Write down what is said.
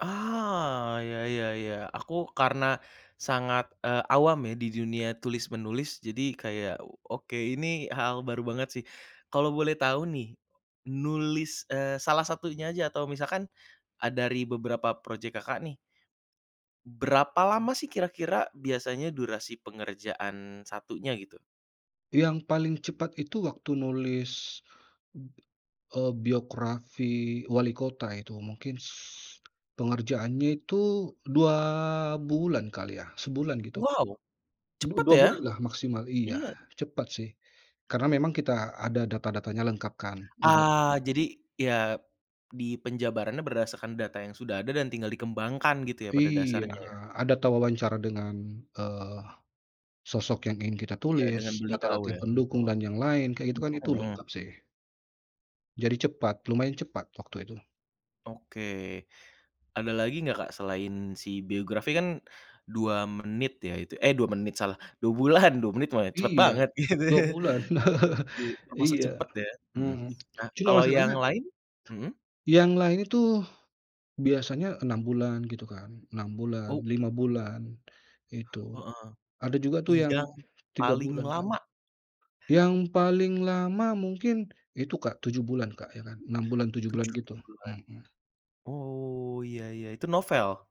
Ah, ya ya ya. Aku karena, sangat, eee, awam ya di dunia tulis menulis. Jadi kayak o oke ini hal baru banget sih. Kalau boleh tahu nih, nulis, eee, salah satunya aja atau misalkan, a dari beberapa project Kakak nih. Berapa lama sih kira-kira biasanya durasi pengerjaan satunya gitu? Yang paling cepat itu waktu nulis. B eee, biografi walikota itu mungkin s pengerjaannya itu 2 bulan kali ya sebulan gitu. Wow! Du Cepet dua ya? bulan lah maksimal. Iya, Iya. cepat sih, karena memang kita ada data-datanya lengkap kan, udah Ah, jadi, ya, di penjabarannya berdasarkan data yang sudah ada dan tinggal dikembangkan gitu ya, pada Iya dasarnya ya? a data wawancara dengan, eee, sosok yang ingin kita Iya dengan tulis, beliau data-data ya? pendukung Heeh. dan yang lain kayak gitu kan itu Mhm. lengkap sih. Jadi cepat, lumayan cepat waktu itu. Oke. Ada lagi enggak, Kak, selain si biografi kan, 2 menit ya itu? Eh, 2 menit salah, 2 bulan 2 menit mah cepet Iya. banget. Gitu 2 ya. bulan. Iya, termasuk Iya, cepet ya? Mhm. mhm. Nah, Cuma kalau yang masalahnya, lain? Mhm. yang lain itu, biasanya 6 bulan gitu kan, 6 bulan, Oh. 5 bulan, itu. Heeh. Ada juga tuh yang Yang, 3 paling bulan, Kak. lama? Yang paling lama mungkin itu, Kak, 7 bulan, Kak, ya kan. 6 bulan 7 bulan 7 gitu, bulan. mhm. Oh, ya ya. Itu novel?